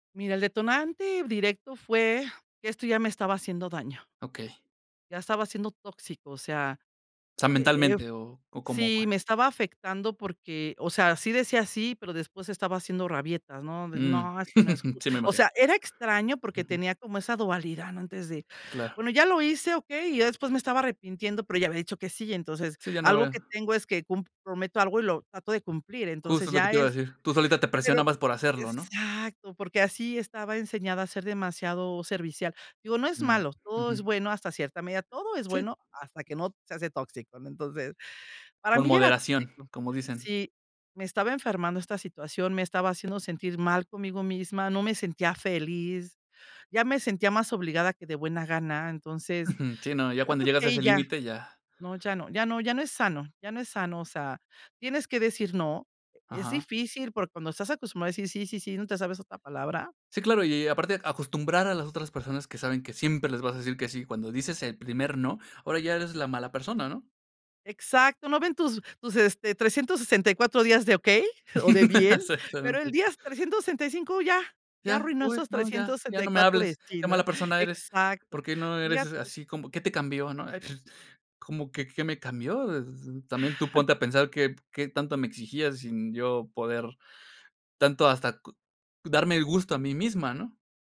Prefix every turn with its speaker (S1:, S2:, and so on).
S1: Mira, el detonante directo fue que esto ya me estaba haciendo daño.
S2: Okey.
S1: Ya estaba siendo tóxico. O sea,
S2: Sea,
S1: eh eh
S2: mentalmente o, ¿o cómo
S1: sí,
S2: fue?
S1: me estaba afectando porque, o sea, sí decía sí, pero después estaba haciendo rabietas, ¿no? De
S2: Mm.
S1: no, es que no es ju
S2: Sí, me
S1: O
S2: imagino.
S1: sea, era extraño, porque
S2: Ujú.
S1: tenía como esa dualidad, ¿no? Antes de
S2: Claro.
S1: bueno, ya lo hice, ¿okey? Y ya después me estaba arrepintiendo, pero ya había dicho que sí. Entonces,
S2: Sí, ya no
S1: algo
S2: ve.
S1: que tengo es que cum prometo algo y lo trato de cumplir. Entonces,
S2: Justo lo que
S1: ya
S2: te iba a
S1: es
S2: decir. Tú solita te
S1: pero
S2: presionabas por hacerlo, ¿no?
S1: exacto. Porque así estaba enseñada, a ser demasiado servicial. Digo, no es
S2: Mm.
S1: malo, todo es
S2: Ujú.
S1: bueno hasta cierta medida. Todo es
S2: Sí.
S1: bueno hasta que no se hace tóxico, ¿no? Entonces, para
S2: Con
S1: mí, ya era
S2: moderación,
S1: tóxico.
S2: como dicen.
S1: Sí, me estaba enfermando esta situación, me estaba haciendo sentir mal conmigo misma. No me sentía feli, ya me sentía más obligada que de buena gana, entonces
S2: Ujú. Sí, no. Ya
S1: yo
S2: cuando
S1: creo
S2: llegas
S1: que
S2: a
S1: ahí
S2: ese
S1: ya.
S2: límite, ya.
S1: No, ya no, ya no ya no es sano. Ya no es sano, o sea, tienes que decir no. Es
S2: Ajá.
S1: difícil, por cuando estás acostumbrado a decir sí, sí, sí, ¿no te sabes otra palabra?
S2: Sí, claro. Y y aparte acostumbrar a las otras personas que saben que siempre les vas a decir que sí. Cuando dices el primer no, ahora ya eres la mala persona, ¿no?
S1: Exacto, no ven tus tus, este, 364 días de okey o de bien. Pero el
S2: Exactamente.
S1: día 365 ya. Ya
S2: Ya.
S1: arruinó
S2: Uy,
S1: esos
S2: no, ya.
S1: trescientos
S2: Ya
S1: sesenta y
S2: no me
S1: cuatro de
S2: hables.
S1: sí,
S2: Qué
S1: ¿no?
S2: mala persona eres. ¿Por
S1: Exacto.
S2: qué no eres, eh,
S1: Fijate
S2: así como? ¿Qué te cambió? ¿No? ¿Cómo que qué me cambió? Eh, también tú ponte a pensar qué qué tanto me exigías sin yo poder tanto hasta cu darme el gusto a mí misma, ¿no?